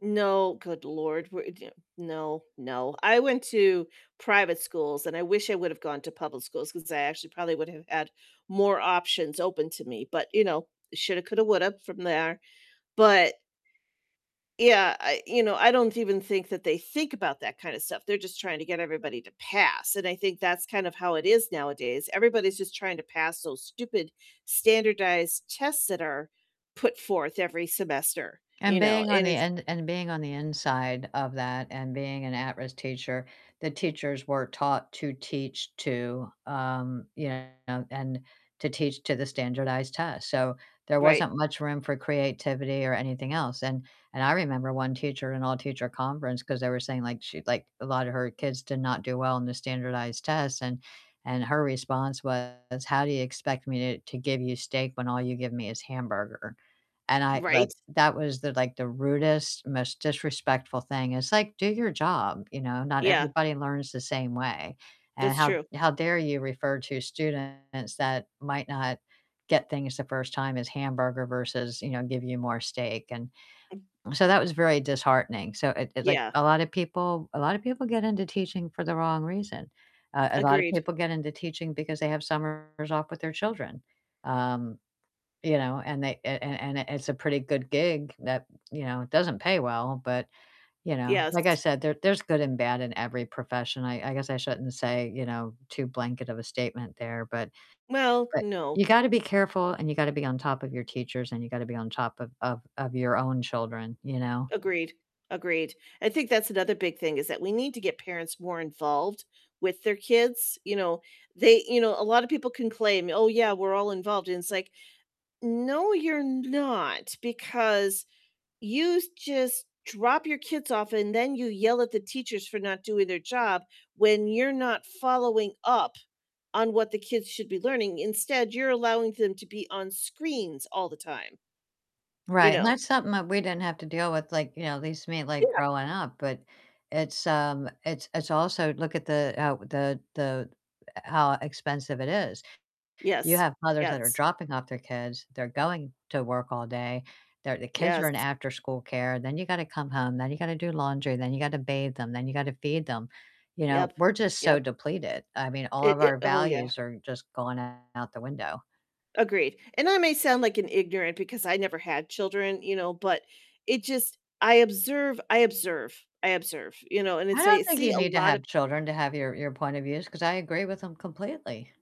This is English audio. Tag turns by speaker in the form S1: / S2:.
S1: No, good lord. [unintelligible] No, no. I went to private schools, and I wish I would've gone to public schools 'cause I actually probably would have had more options open to me. But, you know, shoulda, coulda, woulda from there. But, yeah, I you know, I don't even think that they think about that kinda stuff. They're just trying to get everybody to pass, and I think that's kind of how it is nowadays. Everybody's just trying to pass those stupid standardized tests that are put forth every semester,
S2: And
S1: you know?
S2: being on
S1: And
S2: the
S1: it's
S2: in and being on the inside of that, and being an at-risk teacher, the teachers were taught to teach to, um, you know, and to teach to the standardized test. So, there
S1: Right.
S2: wasn't much room for creativity or anything else, and and I remember one teacher in all-teacher conference, 'cause they were saying, like, she like a lot of her kids did not do well on the standardized tests and and her response was, "How do you expect me to to give you steak when all you give me is hamburger?" And I thought
S1: Right.
S2: that was the like the rudest, most disrespectful thing. It's like, do your job, you know? Not
S1: Yeah.
S2: everybody learns the same way. And
S1: That's
S2: how
S1: true.
S2: how dare you refer to students that might not get things the first time as hamburger versus, you know, give you more steak, and so that was very disheartening. So it it like
S1: Yeah.
S2: a lot of people a lot of people get into teaching for the wrong reason. Uh, a lot of
S1: Agreed.
S2: people get into teaching because they have summers off with their children. Um, you know, and they a a and it it's a pretty good gig that, you know, doesn't pay well, but, you know.
S1: Yes.
S2: Like I said, there there's good and bad in every profession, I I guess I shouldn't say, you know, too blanket of a statement there, but
S1: Well,
S2: but
S1: no.
S2: you gotta be careful, and you gotta be on top of your teachers, and you gotta be on top of of of your own children, you know?
S1: Agreed. Agreed. I think that's another big thing is that we need to get parents more involved with their kids, you know, they you know, a lot of people can claim, "Oh, yeah, we're all involved," and it's like, "No, you're not, because you just drop your kids off, and then you yell at the teachers for not doing their job when you're not following up on what the kids should be learning. Instead, you're allowing them to be on screens all the time." You
S2: Right, and
S1: know?
S2: that's something that we didn't have to deal with, like, you know, at least me, like
S1: Yeah.
S2: growing up, but it's, um it's it's also look at the, uh, the the, how expensive it is. You
S1: Yes,
S2: have mothers that are
S1: yes.
S2: dropping off their kids, they're going to work all day, their the kids are
S1: Yes.
S2: in afterschool care, then you gotta come home, then you gotta do laundry, then you gotta bathe them, then you gotta feed them. You know,
S1: Yep,
S2: we're just so
S1: yep.
S2: depleted. I mean, all
S1: It
S2: of
S1: it
S2: our
S1: Oh, yeah.
S2: values are just going out the window.
S1: Agreed. And I may sound, like, an ignorant because I never had children, you know, but it just I observe, I observe, I observe, you know? And
S2: I
S1: it's I
S2: don't think
S1: see
S2: you
S1: a
S2: need to
S1: lot
S2: have
S1: of
S2: children to have your your point of views 'cause I agree with 'em completely.